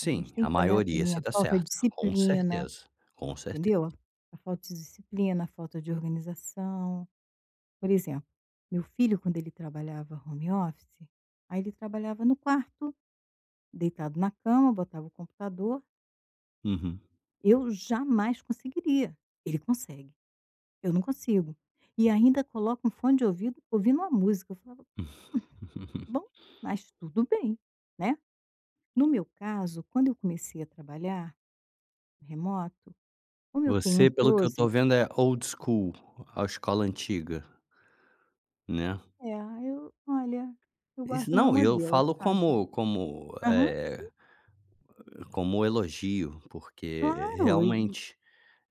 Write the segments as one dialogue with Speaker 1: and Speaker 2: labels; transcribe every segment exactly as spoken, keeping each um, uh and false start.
Speaker 1: A gente tem
Speaker 2: a
Speaker 1: que olhar
Speaker 2: maioria
Speaker 1: também
Speaker 2: você
Speaker 1: a
Speaker 2: está
Speaker 1: falta
Speaker 2: certa. Com
Speaker 1: disciplina,
Speaker 2: certeza, com certeza.
Speaker 1: entendeu. A falta de disciplina, a falta de organização. Por exemplo, meu filho, quando ele trabalhava home office, aí ele trabalhava no quarto, deitado na cama, botava o computador.
Speaker 2: Uhum.
Speaker 1: Eu jamais conseguiria. Ele consegue, eu não consigo, e ainda coloca um fone de ouvido, ouvindo uma música, eu falo: "Hum, bom. Mas tudo bem, né". No meu caso, quando eu comecei a trabalhar remoto, como eu tenho um
Speaker 2: Você, pelo que eu estou
Speaker 1: closet
Speaker 2: vendo, é old school, a escola antiga. Né.
Speaker 1: É, eu, olha, eu
Speaker 2: Isso,
Speaker 1: gosto do meu
Speaker 2: não, eu
Speaker 1: modelo,
Speaker 2: falo
Speaker 1: sabe.
Speaker 2: como como,
Speaker 1: Aham,
Speaker 2: eh,
Speaker 1: sim.
Speaker 2: como elogio, porque
Speaker 1: Claro, e
Speaker 2: realmente,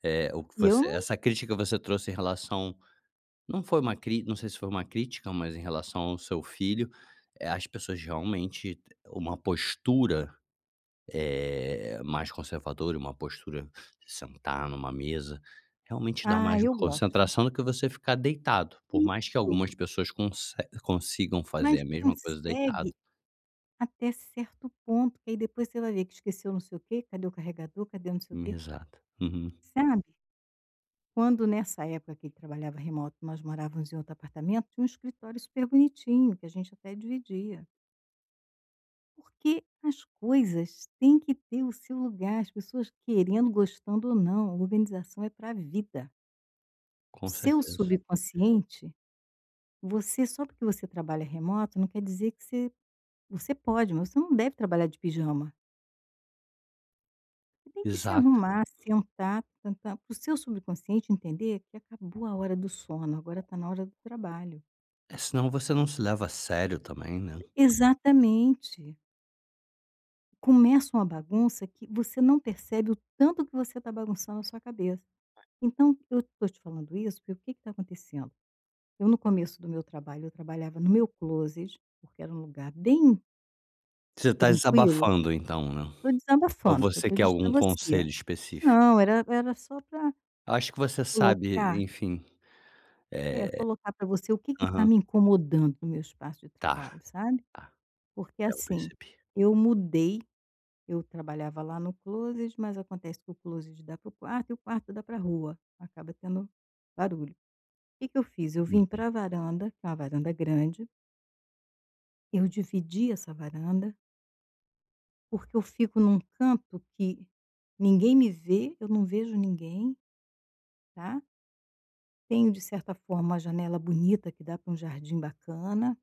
Speaker 2: eh, o que
Speaker 1: E eu
Speaker 2: você
Speaker 1: não
Speaker 2: essa crítica que você trouxe em relação não foi uma cri não sei se foi uma crítica, mas em relação ao seu filho, eh, as pessoas realmente, uma postura, eh, mais conservadora, e uma postura de sentar em uma mesa, realmente dá
Speaker 1: Ah,
Speaker 2: mais
Speaker 1: eu
Speaker 2: uma
Speaker 1: gosto.
Speaker 2: concentração do que você ficar deitado, por mais que
Speaker 1: Isso.
Speaker 2: algumas pessoas conse consigam fazer
Speaker 1: Mas
Speaker 2: a mesma coisa deitado.
Speaker 1: consegue até certo ponto, que aí depois você vai ver que esqueceu não sei o quê, cadê o carregador, cadê o não sei o
Speaker 2: Hum,
Speaker 1: quê.
Speaker 2: exato. Uhum.
Speaker 1: Sabe. Quando, nessa época que ele trabalhava remoto, nós morávamos em outro apartamento, tinha um escritório super bonitinho que a gente até dividia. Porque as coisas têm que ter o seu lugar, as pessoas querendo, gostando ou não, organização é para vida. O
Speaker 2: Com
Speaker 1: seu
Speaker 2: certeza.
Speaker 1: subconsciente, você só porque você trabalha remoto não quer dizer que você você pode, mas você não deve trabalhar de pijama. Você tem que se
Speaker 2: Exato.
Speaker 1: arrumar, sentar, tan-tan, para o seu subconsciente entender que acabou a hora do sono, agora está na hora do trabalho.
Speaker 2: É, senão você não se leva a sério também, né.
Speaker 1: Exatamente. Começa uma bagunça que você não percebe o tanto que você está bagunçando a sua cabeça. Então, eu estou te falando isso, porque o que que está acontecendo, eu no começo do meu trabalho, eu trabalhava no meu closet, porque era um lugar bem
Speaker 2: Você está
Speaker 1: tranquilo.
Speaker 2: exabafando então, né.
Speaker 1: Estou
Speaker 2: Ou
Speaker 1: desabafando, foi o
Speaker 2: você
Speaker 1: que eu
Speaker 2: quer
Speaker 1: disse para
Speaker 2: algum
Speaker 1: você.
Speaker 2: conselho específico?
Speaker 1: Não, era era só para
Speaker 2: Acho que você sabe,
Speaker 1: colocar
Speaker 2: enfim.
Speaker 1: É, colocar para você o que que
Speaker 2: Eh
Speaker 1: está
Speaker 2: Aham.
Speaker 1: me incomodando no meu espaço de
Speaker 2: Tá,
Speaker 1: trabalho, sabe.
Speaker 2: tá.
Speaker 1: Porque
Speaker 2: É, eu
Speaker 1: assim,
Speaker 2: percebi.
Speaker 1: eu mudei, eu trabalhava lá no closet, mas acontece que o closet dá para o quarto e o quarto dá para rua, acaba tendo barulho. Que que eu fiz, eu vim
Speaker 2: Uhum.
Speaker 1: para varanda, que é uma varanda grande eu dividi essa varanda porque eu fico em um canto que ninguém me vê, eu não vejo ninguém, tá. Tenho, de certa forma, uma janela bonita que dá para um jardim bacana.